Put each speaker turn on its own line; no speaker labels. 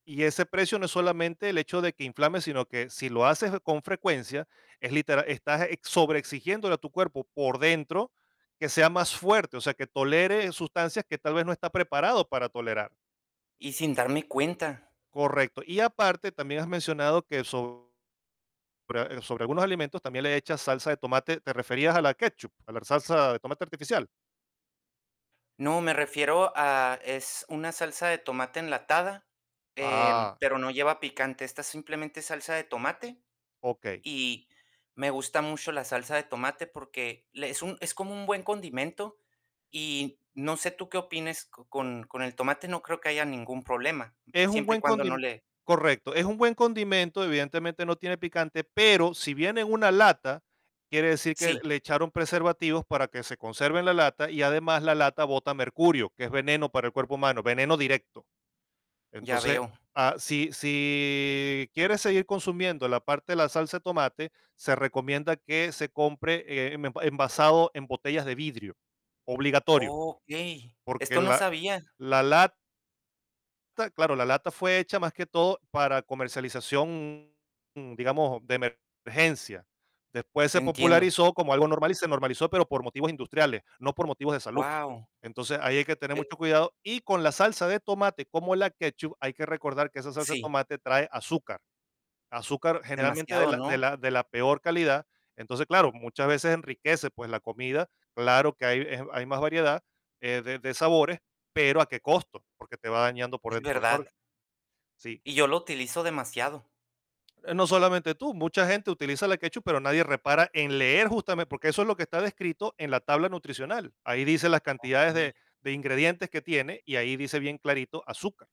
Y ese precio no es solamente el hecho de que inflame, sino que si lo haces con frecuencia es litera estás ex sobreexigiéndole a tu cuerpo por dentro que sea más fuerte, o sea, que tolere sustancias que tal vez no está preparado para tolerar.
Y sin darme cuenta.
Correcto. Y aparte también has mencionado que sobre sobre algunos alimentos también le echas salsa de tomate, ¿te referías a la ketchup, a la salsa de tomate artificial?
No, me refiero a es una salsa de tomate enlatada, em,
Ah.
pero no lleva picante. Esta es simplemente salsa de tomate
Okey.
y me gusta mucho la salsa de tomate porque le es un, es como un buen condimento y no sé tú qué opines co con con el tomate no creo que haya ningún problema,
Es un
siempre y
buen
cuando no
condi
le
correcto, es un buen condimento, evidentemente no tiene picante, pero si viene en una lata quiere decir que
Sí.
le echaron preservativos para que se conserve en la lata y además la lata bota mercurio, que es veneno para el cuerpo humano, veneno directo.
Ya
Entonces
veo.
ah, si si quieres seguir consumiendo la parte de la salsa de tomate, se recomienda que se compre, eh, me puede envasado en botellas de vidrio, obligatorio,
Okey,
porque
esto no
la
sabía.
la lat ta, claro, la lata fue hecha más que todo para comercialización, digamos, de emergencia. Después se
Entiendo.
popularizó como algo normal y se normalizó, pero por motivos industriales, no por motivos de salud.
Guau.
Entonces, ahí hay que tener
Eh.
mucho cuidado. Y con la salsa de tomate, como la ketchup, hay que recordar que esa salsa de
Sí.
tomate trae azúcar. Azúcar generalmente de
Demasiado,
la de
¿no?
la de la peor calidad. Entonces, claro, muchas veces enriquece, pues la comida. Claro que hay eh, hay más variedad, eh, de de sabores, pero, ¿a qué costo? Porque te va dañando por
Es
dentro los
verdad
órganos. Sí.
y yo lo utilizo demasiado.
No solamente tú, mucha gente utiliza la ketchup, pero nadie repara en leer justame porque eso es lo que está descrito en la tabla nutricional. Ahí dice las cantidades
Okey.
de de ingredientes que tiene y ahí dice bien clarito, azúcar.